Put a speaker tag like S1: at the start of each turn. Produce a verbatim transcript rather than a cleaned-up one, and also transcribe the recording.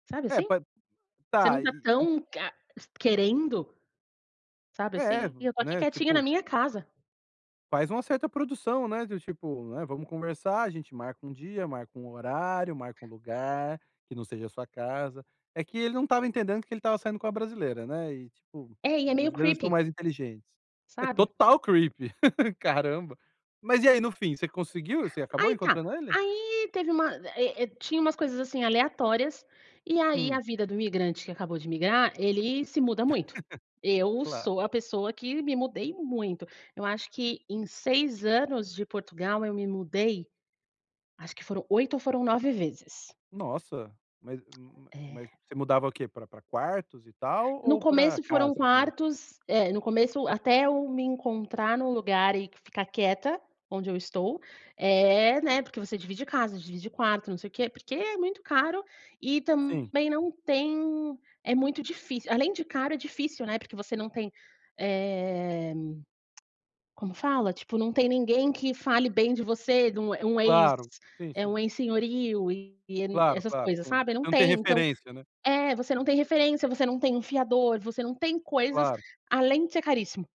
S1: Sabe
S2: É,
S1: assim?
S2: pa [unintelligible]
S1: Você não
S2: tá,
S1: tá
S2: e, um
S1: tão, ca querendo, sabe
S2: É,
S1: assim, e eu tô aqui
S2: né,
S1: quietinha na
S2: tipo
S1: minha casa.
S2: Faz uma certa produção, né, do tipo, né, vamos conversar, a gente marca um dia, marca um horário, marca um lugar que não seja a sua casa. É que ele não estava entendendo que ele estava saindo com a brasileira, né, e, tipo,
S1: É, e
S2: as
S1: é meio
S2: brasileiras são
S1: creepy.
S2: mais inteligentes. É
S1: Sabe?
S2: total creepy. Caramba! Mas e aí, no fim, você conseguiu? Você acabou
S1: Aí tá,
S2: encontrando ele?
S1: aí teve uma eh eh, tinha umas coisas assim, aleatórias, e aí a
S2: Hum.
S1: vida do imigrante que acabou de migrar, ele se muda muito. Eu
S2: Claro.
S1: sou a pessoa que me mudei muito. Eu acho que em seis anos de Portugal eu me mudei acho que foram oito ou foram nove vezes.
S2: Nossa, mas
S1: É.
S2: mas você mudava o quê, pra quartos e tal
S1: No
S2: ou pra
S1: começo foram
S2: casas mesmo?
S1: quartos eh, no começo até eu me encontrar em um lugar e ficar quieta onde eu estou, eh, né, porque você divide casa, divide quarto, não sei o quê, porque é muito caro e
S2: Sim.
S1: também não tem é muito difícil, além de caro é difícil, né, porque você não tem, eh, como fala, tipo, não tem ninguém que fale bem de você, do um ex
S2: Claro, sim,
S1: eh,
S2: sim.
S1: um ex-senhorio e
S2: Claro,
S1: essas
S2: claro,
S1: coisas,
S2: sim.
S1: sabe? Não
S2: Não tem
S1: tem, então
S2: referência, né?
S1: é, você não tem referência, você não tem um fiador, você não tem coisas,
S2: Claro.
S1: além de ser caríssimo.